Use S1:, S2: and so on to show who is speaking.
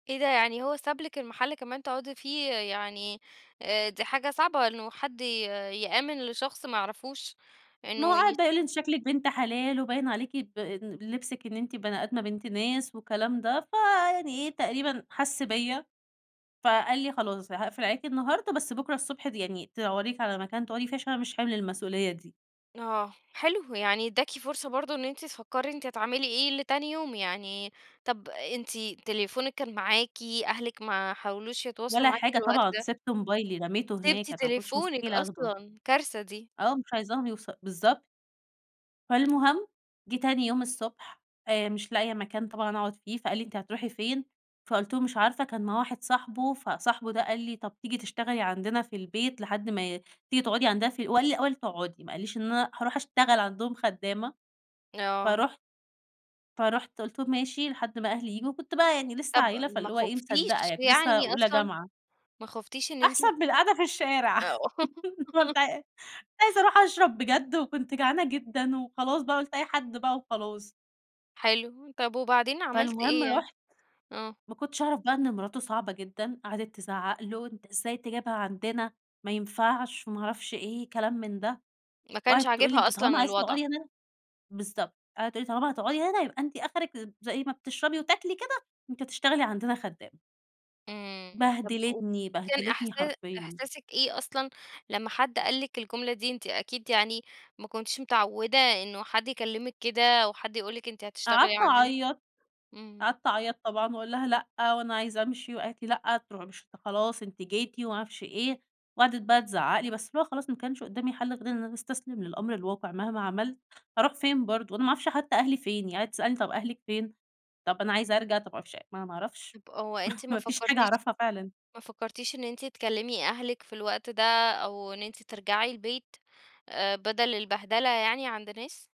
S1: إيه ده يعني هو ساب لِك المحل كمان تقعدي فيه، يعني آآ، دي حاجة صعبة إنه حد ي يآمن لشخص ما يعرفوش
S2: ما هو
S1: إنه
S2: قعد بقى يقول لي أنتِ
S1: [unintelligible]
S2: شكلِك بنت حلال، وباين عليكِ ب لبسِك إن أنتِ بني آدمة بنت ناس والكلام ده، فيعني إيه تقريبًا حسّ بيَّ فقال لي: "خلاص هاقفل عليكِ النهاردة، بس بكرة الصبح يعني تدوري لِك على مكان تقعدي فيه علشان أنا مش حِمل المسئولية دي".
S1: آه. حلو. يعني إدّاكِ فرصة برضو إن أنتِ تفكري أنتِ هتعملي إيه لتاني يوم، يعني طَب أنتِ تليفونِك كان معاكِ، أهلِك ما حاولوش يتواصلوا
S2: ولا
S1: معاكِ في
S2: حاجة
S1: الوقت
S2: طبعًا،
S1: ده؟
S2: سِبت موبايلي رميته هناك،
S1: سِبتِ
S2: أنا ما كنتش
S1: تليفونِك
S2: مستحيل آخده.
S1: أصلًا، كارثة دي.
S2: آه، مش عايزاهم يوص بالضبط.
S1: [unintelligible]
S2: فالمهم جِه تاني يوم الصبح آآ، مش لاقية مكان طبعًا أقعد فيه فقال لي: "أنتِ هترُوحي فين؟" فقلت له: "مش عارفة"، كان معاه واحد صاحبه، فصاحبه ده قال لي طَب تيجي تشتغلي عندنا في البيت لحد ما تيجي تقعدي عندنا ف هو قال لي الأول تقعدي ما قاليش إن أنا هارُوح أشتغل عندهم خدامة،
S1: آه.
S2: فرُحت فرُحت قلت له ماشي لحد ما أهلي ييجوا، وكنت بقى يعني لسه
S1: طَب
S2: عيّلة
S1: ما
S2: فاللي هو إيه مصدقة
S1: خُفتيش
S2: يعني، كنت لسه
S1: يعني
S2: أولى
S1: أصلًا؟
S2: جامعة.
S1: ما خُفتيش إن أنتِ
S2: أحسن من القاعدة في الشارع.
S1: آه.
S2: [unintelligible] عايزة أرُوح أشرب بجد، وكنت جعانة جدًا وخلاص بقى قلت أي حد بقى وخلاص.
S1: حلو. طَب وبعدين عملتِ إيه
S2: فالمهم
S1: يعني؟
S2: رُحت
S1: آه.
S2: ما كنتش أعرف بقى إن مراته صعبة جدًا، قعدت تزعق له: "أنت إزاي تجيبها عندنا؟ ما ينفعش،" وما أعرفش إيه كلام من ده،
S1: ما كانش
S2: وقعدت تقول لي
S1: عاجبها
S2: أنتِ طالما
S1: أصلًا
S2: عايزة
S1: الوضع.
S2: تقعدي هنا بالضبط. قعدت تقول لي: "طالما هتقعدي هنا يبقى أنتِ آخرِك، زي ما بتشربي وتاكلي كده أنتِ هتشتغلي عندنا خدامة."
S1: إمم. طَب قولي
S2: بهدلتني،
S1: لي كان
S2: بهدلتني
S1: إحسا
S2: حرفيًا.
S1: إحساسِك إيه أصلًا لما حد قال لِك الجملة دي، أنتِ أكيد يعني ما كنتيش متعودة إنه حد يكلمِك كده أو حد يقول لِك أنتِ
S2: قعدت
S1: هتشتغلي عندنا؟
S2: أعيط،
S1: إمم.
S2: قعدت أعيط طبعًا، واقول لها لأ وأنا عايزة أمشي، وقالت لي لأ تر مش خلاص أنتِ جيتِ وما أعرفش إيه، وقعدت بقى تزعق لي بس اللي هو خلاص ما كانش قدامي حل غير إن أنا أستسلم للأمر الواقع، مهما عملت هارُوح فين برضو، أنا ما أعرفش حتى أهلي فين يعني قعدت تسألني: "طَب أهلِك فين؟"، طَب أنا عايزة أرجع طَب ما أعرفش ما أنا ما أعرفش،
S1: طَب هو أنتِ ما
S2: ما فيش حاجة
S1: فكرتيش
S2: أعرفها فعلًا.
S1: ما فكرتيش إن أنتِ تكلمي أهلِك في الوقت ده أو إن أنتِ ترجّعي البيت آآ، بَدَل البهدلة يعني عند ناس؟